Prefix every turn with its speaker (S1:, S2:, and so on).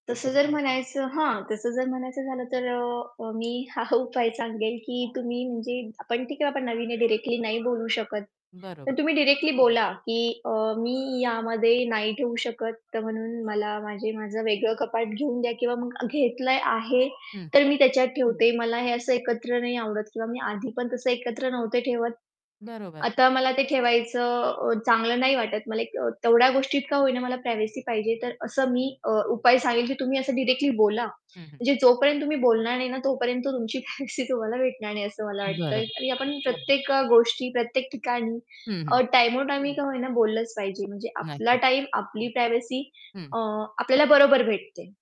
S1: तसं जर म्हणायचं हां. तसं जर म्हणायचं झालं तर अ, अ, मी हा उपाय सांगेल, की तुम्ही म्हणजे आपण ठीक आहे, आपण नवीन डायरेक्टली नाही बोलू शकत. तर
S2: बरोबर.
S1: तुम्ही डायरेक्टली बोला, की अ, "मी यामध्ये नाही ठेऊ शकत, तर म्हणून मला माझे माझं वेगळं कपाट घेऊन द्या." किंवा "मग घेतलंय आहे,
S2: हं.
S1: तर मी त्याच्यात ठेवते. मला हे असं एकत्र नाही आवडत किंवा मी आधी पण तसं एकत्र नव्हते ठेवत.
S2: बरोबर.
S1: आता मला ते ठेवायचं चांगलं नाही वाटत. मला तेवढ्या गोष्टीत का होईना मला प्रायव्हसी पाहिजे." तर असं मी अ, उपाय सांगेल, की तुम्ही असं डायरेक्टली बोला.
S2: हं, हं.
S1: म्हणजे जोपर्यंत तुम्ही बोलणार नाही ना, तोपर्यंत तुमची प्रायव्हसी तुम्हाला भेटणार नाही, असं मला
S2: बरं,
S1: वाटतंय. आणि
S2: बरोबर.
S1: आपण प्रत्येक अ, गोष्टी प्रत्येक ठिकाणी
S2: हं,
S1: अ,
S2: हं.
S1: टाईमोटाईम का होईना बोललंच पाहिजे. म्हणजे आपला
S2: नक्कीच.
S1: टाईम, आपली प्रायव्हसी
S2: हं.
S1: अ, आपल्याला बरोबर भेटते.